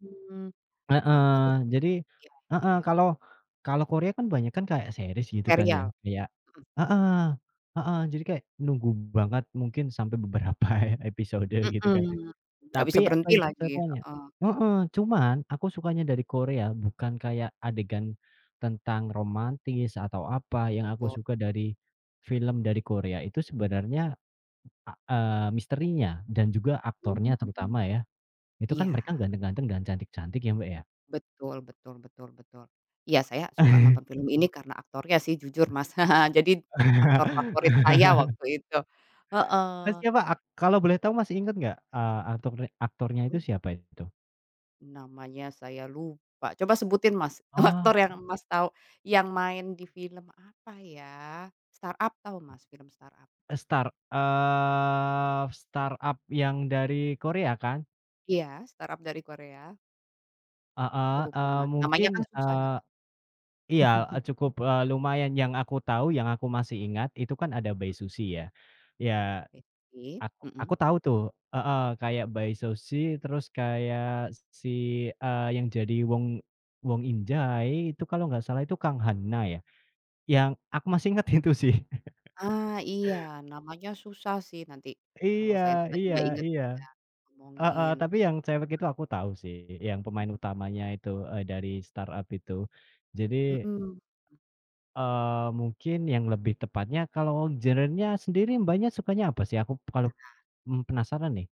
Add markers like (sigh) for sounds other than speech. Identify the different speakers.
Speaker 1: Mmm. Wah bagus.
Speaker 2: Heeh. Jadi
Speaker 1: Iya ya
Speaker 2: heeh,
Speaker 1: ya.
Speaker 2: kalau kalau Korea kan banyak kan kayak series, gitu kan, ya,
Speaker 1: Serial.
Speaker 2: kayak
Speaker 1: Mhm.
Speaker 2: heeh heeh, jadi kayak nunggu banget mungkin sampai beberapa episode, gitu kan.
Speaker 1: Mhm. Nggak
Speaker 2: Tapi,
Speaker 1: bisa
Speaker 2: apa
Speaker 1: berhenti
Speaker 2: ya,
Speaker 1: lagi.
Speaker 2: (unintelligible)
Speaker 1: Heeh.
Speaker 2: heeh, cuman aku sukanya dari Korea bukan kayak adegan tentang romantis atau apa, yang aku
Speaker 1: Tuh.
Speaker 2: suka dari film dari Korea itu sebenarnya, a eee, misterinya dan juga aktornya
Speaker 1: Hmm,
Speaker 2: terutama, ya. Itu kan
Speaker 1: Iya.
Speaker 2: mereka ganteng-ganteng dan cantik-cantik ya, Mbak, ya.
Speaker 1: Betul betul betul betul. Iya, saya suka nonton film
Speaker 2: (chuckles)
Speaker 1: ini karena aktornya sih, jujur, Mas. (chuckles) Jadi aktor favorit saya
Speaker 2: (laughs)
Speaker 1: waktu itu.
Speaker 2: Nah,
Speaker 1: Heeh.
Speaker 2: siapa ak kalau boleh tahu masih ingat nggak, eee, aktor re aktornya itu
Speaker 1: Hmm?
Speaker 2: siapa itu?
Speaker 1: Namanya saya lupa. Coba sebutin, Mas, aktor
Speaker 2: Oh.
Speaker 1: yang Mas tahu yang main di film, apa ya, Start-Up, tahu Mas film Start-Up?
Speaker 2: Eee, Start, eee, Start-Up yang dari Korea kan?
Speaker 1: Iya. Start-Up dari Korea.
Speaker 2: Heeh,
Speaker 1: Aku lupa,
Speaker 2: eee,
Speaker 1: Mas, namanya
Speaker 2: mungkin,
Speaker 1: kan susah,
Speaker 2: eee,
Speaker 1: ya.
Speaker 2: iya, eee,
Speaker 1: (laughs)
Speaker 2: cukup, eee, lumayan yang aku tahu, yang aku masih ingat itu kan ada Bae Suzy, ya. Ya,
Speaker 1: Bae Suzy.
Speaker 2: ak aku
Speaker 1: Mhm.
Speaker 2: tahu tuh, heeh, kayak Bae Suzy, terus kayak si, eee, yang jadi Wong Won In-jae itu kalau nggak salah itu Kang Han-na, ya. Yang aku masih ingat itu sih.
Speaker 1: Ah, iya. Namanya susah sih, nanti kalau
Speaker 2: Iya
Speaker 1: saya
Speaker 2: iya
Speaker 1: tiba-tiba ingat
Speaker 2: iya.
Speaker 1: saya
Speaker 2: Heeh,
Speaker 1: omongin.
Speaker 2: tapi yang cewek itu aku tahu sih, yang pemain utamanya itu, eee, dari Start-Up itu. Jadi,
Speaker 1: Mhm.
Speaker 2: eee, mungkin yang lebih tepatnya kalau genre-nya sendiri Mbaknya sukanya apa sih? Aku kalep
Speaker 1: Benar.
Speaker 2: mmm, penasaran nih.